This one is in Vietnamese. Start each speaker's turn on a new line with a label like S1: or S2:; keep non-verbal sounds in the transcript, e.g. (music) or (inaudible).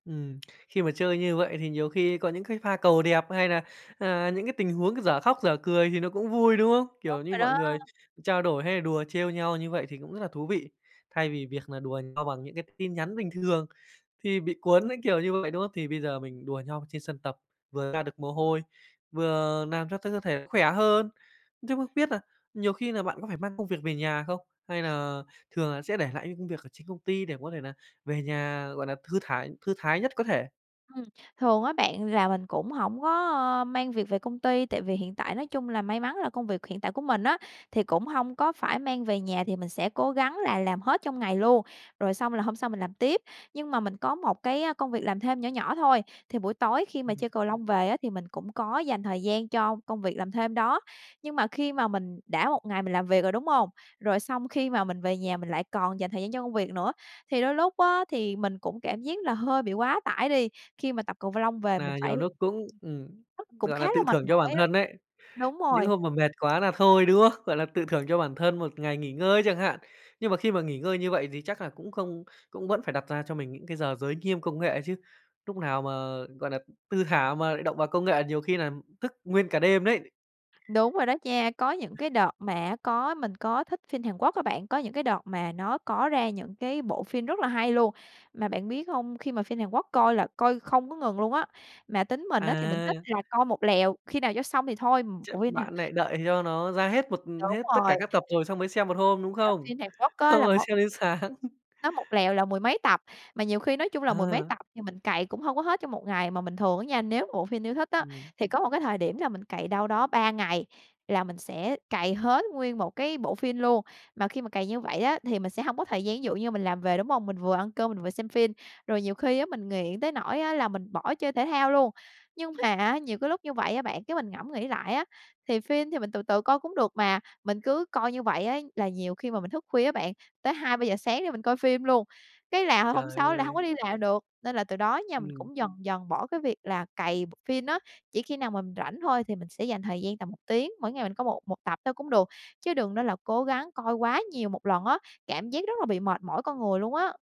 S1: Ừm, (smacks lips) khi mà chơi như vậy thì nhiều khi có những cái pha cầu đẹp, hay là, à, những cái tình huống dở khóc dở cười thì nó cũng vui, đúng không?
S2: Đúng
S1: Kiểu như,
S2: rồi
S1: mọi
S2: đó!
S1: người trao đổi hay là đùa trêu nhau như vậy thì cũng rất là thú vị. Thay vì việc nà đùa nhau bằng những cái tin nhắn bình thường thì bị cuốn cái kiểu như vậy, đúng không? Thì bây giờ mình đùa nhau trên sân tập, vừa ra được mồ hôi, vừa làm cho cho cơ thể cũng khỏe hơn, chứ không biết nà nhiều khi là bạn có phải mang công việc về nhà không? Hay nà thường là sẽ để lại những công việc ở trên công ty để mà có thể nà về nhà, gọi nà, thư thải thư thái nhất có thể?
S2: Ừm, thường á bạn là mình cũng hổng có, a, mang việc về công ty, tại vì hiện tại nói chung là may mắn là công việc hiện tại của mình á thì cũng hông có phải mang về nhà, thì mình sẽ cố gắng là làm hết trong ngày luôn, rồi xong là hôm sau mình làm tiếp. Nhưng mà mình có một cái công việc làm thêm nhỏ nhỏ thôi, thì buổi tối khi mà
S1: Ừm.
S2: chơi cầu lông về á thì mình cũng có dành thời gian cho công việc làm thêm đó. Nhưng mà khi mà mình đã một ngày mình làm việc rồi, đúng hông? Rồi xong khi mà mình về nhà mình lại còn dành thời gian cho công việc nữa, thì đôi lúc á thì mình cũng cảm giác là hơi bị quá tải đi, khi mà tập cầu v lông về mình
S1: Nà
S2: phải
S1: nhiều núc cũng
S2: ừm,
S1: ừm,
S2: thức cũng
S1: gọi
S2: khá
S1: là,
S2: là
S1: tự
S2: mệt
S1: thưởng cho bản
S2: mỏi á.
S1: thân ấy.
S2: Đúng
S1: Những
S2: rồi.
S1: hôm mà mệt quá là thôi, đúng không? Gọi là tự thưởng cho bản thân một ngày nghỉ ngơi chẳng hạn. Nhưng mà khi mà nghỉ ngơi như vậy thì chắc là cũng không cũng vẫn phải đặt ra cho mình những cái giờ giới nghiêm công nghệ chứ. Núc nào mà, gọi nà, thư thả mà lại động vào công nghệ nhiều khi nà thức nguyên cả đêm đấy. Ờ.
S2: Đúng rồi đó nha. Có những cái đợt mà á có mình có thích phin Hàn Quốc á bạn, có những cái đợt mà nó có ra những cái bộ phin rất là hay luôn. Mà bạn biết hông? Khi mà phin Hàn Quốc coi là coi không có ngừng luôn á. Mà tính mình á thì mình
S1: À.
S2: thích là coi một lèo, khi nào cho xong thì thôi,
S1: Chắc
S2: bộ phim Hàn
S1: bạn nại đợi cho nó ra hết một
S2: Đúng
S1: hết tất
S2: rồi.
S1: cả các tập rồi xong mới xem 1 hôm, đúng
S2: Là
S1: không?
S2: phin Hàn Quốc á
S1: Xong
S2: là
S1: rồi
S2: một
S1: xem đến sáng. (laughs)
S2: Nó một lèo là mười mấy tập, mà nhiều khi nói chung là mười mấy
S1: À.
S2: tập thì mình cày cũng hông có hết trong một ngày mà mình thường á nha, nếu mà bộ phim yêu thích á,
S1: Ừm.
S2: thì có một cái thời điểm là mình cày đâu đó 3 ngày là mình sẽ cày hết nguyên một cái bộ phin luôn. Mà khi mà cày như vậy á thì mình sẽ hông có thời gian, ví dụ như mình làm về, đúng hông? Mình vừa ăn cơm mình vừa xem phin, rồi nhiều khi á mình nghiện tới nỗi á là mình bỏ chơi thể thao luôn. Nhưng mà, á, nhiều cái lúc như vậy á bạn, cái mình ngẫm nghĩ lại á, thì phin thì mình từ từ coi cũng được mà, mình cứ coi như vậy á là nhiều khi mà mình thức khuya á bạn, tới 2:00, 3:00 sáng để mình coi phim luôn. Cái là hôm
S1: Trời
S2: sau á là hông có
S1: ơi.
S2: đi làm được, nên là từ đó á nha mình
S1: Ừm.
S2: cũng dần dần bỏ cái việc là cày bộ phin á. Chỉ khi nào mình rảnh thôi thì mình sẽ dành thời gian tầm 1 tiếng, mỗi ngày mình coi một một tập thôi cũng được, chứ đừng nên là cố gắng coi quá nhiều một lần á, cảm giác rất là bị mệt mỏi con người luôn á.